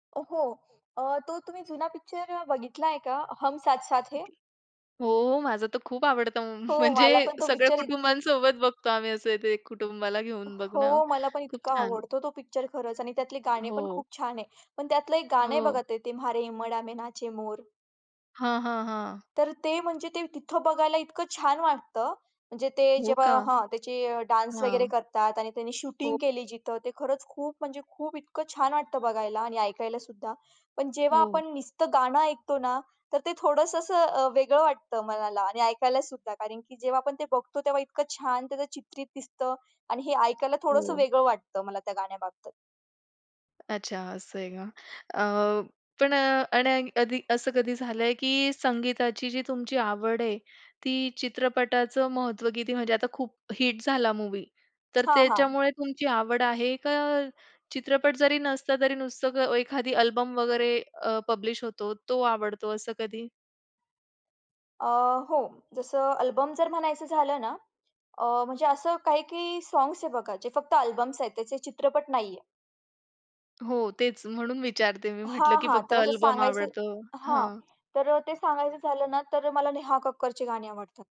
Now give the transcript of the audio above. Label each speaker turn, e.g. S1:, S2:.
S1: अ, हो अ, तो तुम्ही जुना पिक्चर बघितला आहे का? हम साथ-साथ है?
S2: हो माझं तर खूप आवडतं,
S1: हो मला
S2: म्हणजे
S1: पण तो
S2: सगळ्या
S1: पिक्चर इत
S2: कुटुंबांसोबत बघतो आम्ही असं ते कुटुंबाला घेऊन बघणं
S1: हो मला पण
S2: खूप
S1: इतका
S2: छान.
S1: आवडतो तो पिक्चर खरंच आणि त्यातले गाणे पण
S2: हो.
S1: खूप छान आहे. पण त्यातलं एक गाणं आहे
S2: हो.
S1: बघा ते, ते म्हारे हीबाडा में नाचे मोर.
S2: हां, हां, हां.
S1: तर ते म्हणजे ते तिथं बघायला इतकं छान वाटतं, म्हणजे ते जेव्हा हां त्याचे डान्स वगैरे
S2: हां.
S1: करतात आणि त्यांनी शूटिंग
S2: हो.
S1: केली जिथं, ते खरंच खूप म्हणजे खूप इतकं छान वाटतं बघायला आणि ऐकायला सुद्धा. पण जेव्हा
S2: हो.
S1: आपण नुसतं गाणं ऐकतो ना, तर ते थोडंसं असं अ, वेगळं वाटतं मनाला आणि ऐकायला सुद्धा कारण की जेव्हा आपण ते बघतो तेव्हा इतकं छान त्याचं चित्रित दिसतं आणि हे ऐकायला थोडंसं
S2: हो.
S1: वेगळं वाटतं मला त्या गाण्याबाबत
S2: अच्छा असं आहे का? अ, पण अ, आणि कधी असं कधी झालंय की संगीताची जी तुमची आवड आहे, ती चित्रपटाचं महत्व किती? म्हणजे आता खूप हिट झाला मूव्ही तर
S1: हां, हां.
S2: त्याच्यामुळे तुमची आवड आहे का, चित्रपट जरी नसता तरी नुसतं एखादी अल्बम वगैरे अ, पब्लिश होतो तो आवडतो असं कधी?
S1: अ, हो. जसं अल्बम जर म्हणायचं झालं ना, अ, म्हणजे असं काही-काही सॉग्स आहेत बघा, जे फक्त अल्बम्स आहेत त्याचे चित्रपट नाही आहेत.
S2: हो तेच म्हणून विचारते, मी म्हटलं
S1: हां,
S2: की
S1: हां.
S2: फक्त
S1: तर असं
S2: अल्बम
S1: सांगायचं
S2: आवडतं?
S1: हां.
S2: हां.
S1: तर अ, ते सांगायचं झालं ना तर मला नेहा कक्करची गाणी आवडतात.